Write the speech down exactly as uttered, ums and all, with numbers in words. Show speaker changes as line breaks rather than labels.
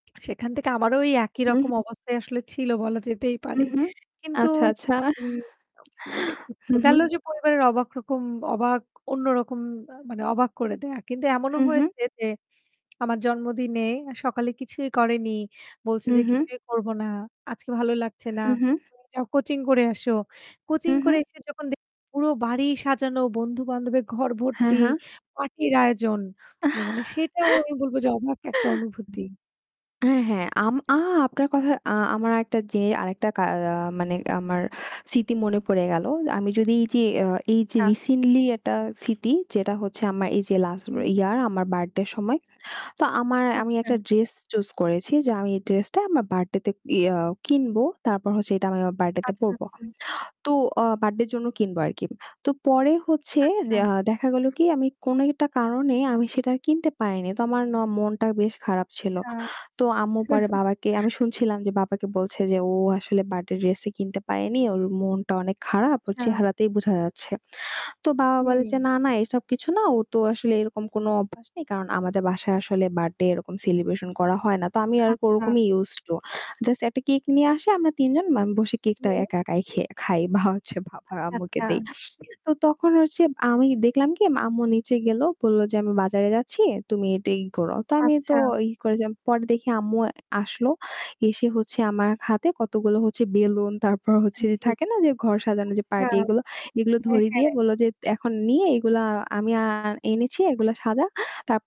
সেখান থেকে আমারও ওই একই
হু, হু।
রকম অবস্থায় আসলে ছিল বলা যেতেই পারে।
হুম, হুম,
কিন্তু
আচ্ছা, আচ্ছা,
উ আ মানে
হু, হু।
গেলো যে পরিবারের অবাক রকম অবাক অন্যরকম আ মানে অবাক করে দেওয়া। কিন্তু এমনও
হু, হু।
হয়েছে যে আমার জন্মদিনে সকালে কিছুই করেনি। বলছে যে
উহু।
কিছুই করব না। আজকে ভালো লাগছে না।
হু, হু।
তুমি যাও যাও কোচিং করে আসো।
হু,
কোচিং করে
হু।
এসে যখন দে পুরো বাড়ি সাজানো বন্ধু-বান্ধবের ঘর
হ্যাঁ,
ভর্তি;
হ্যাঁ।
পার্টির আয়োজন না মানে সেটাও আমি বলবো যে অবাক একটা অনুভূতি।
হ্যাঁ, হ্যাঁ, আম আ আপনার কথা আ আমার একটা যে আরেকটা কা আ মানে আমার স্মৃতি মনে পড়ে গেল। আমি যদি এই যে অ্যা এই যে
আচ্ছা।
রিসেন্টলি একটা স্মৃতি যেটা হচ্ছে আমার এই যে লাস্ট
হুম।
ইয়ার আমার বার্থডে এর সময়। তো আমার আমি একটা
আচ্ছা।
ড্রেস চুজ করেছি যে আমি এই ড্রেস টা আমার বার্থডে তে ইয়া কিনব। তারপর হচ্ছে ওইটা আমি আমার বার্থডেতে
আচ্ছা,
পড়বো।
আচ্ছা।
তো আ বার্থডের জন্য কিনবো আরকি। তো পরে হচ্ছে ও
আচ্ছা।
দেখা দেখা গেল কি আমি কোনো একটা কারণে আমি সেটা আর কিনতে পারিনি তো আমার ন মনটা বেশ খারাপ ছিল।
আচ্ছা,
তো আম্মু পরে বাবাকে আমি শুনছিলাম যে বাবাকে বলছে যে ও আসলে বার্থডে ড্রেস কিনতে পারেনি ওর মনটা অনেক খারাপ ওর
আচ্ছা
চেহারাতেই বোঝা যাচ্ছে। তো বাবা বলে যে
হুম।
না, না, এসব কিছু না। ওর তো আসলে এরকম কোন অভ্যাস নেই। কারণ আমাদের বাসায় আসলে বার্থডে এরকম সেলিব্রেশন করা হয় না। তো আমি আর
আচ্ছা।
ওরকমই ইউজ টু, জাস্ট একটা কেক নিয়ে আসি আমরা তিন জন মানে বসে কেকটা
হুম।
একা একাই খে খাই বা হচ্ছে বাবা
আচ্ছা,
আম্মুকে
আচ্ছা।
দেই তো তখন হচ্ছে আমি দেখলাম কি মা আম্মু নিচে গেল। বলল যে আমি বাজারে যাচ্ছি, তুমি এটা ই করো। তো আমি তো
আচ্ছা।
ই কইরাম পরে দেখি আম্মু আ আসলো। এসে হচ্ছে আমার হাতে কতগুলো হচ্ছে বেলুন, তারপর হচ্ছে
আন
যে
জী।
থাকে না যে ঘর সাজানো যে
আচ্ছা,
পার্টি এগুলো; এগুলো
হ্যাঁ,
ধরিয়ে
হ্যা।
দিয়ে বলল যে এখন নিয়ে এগুলা আমি আর এনেছি এগুলো সাজা। তাপ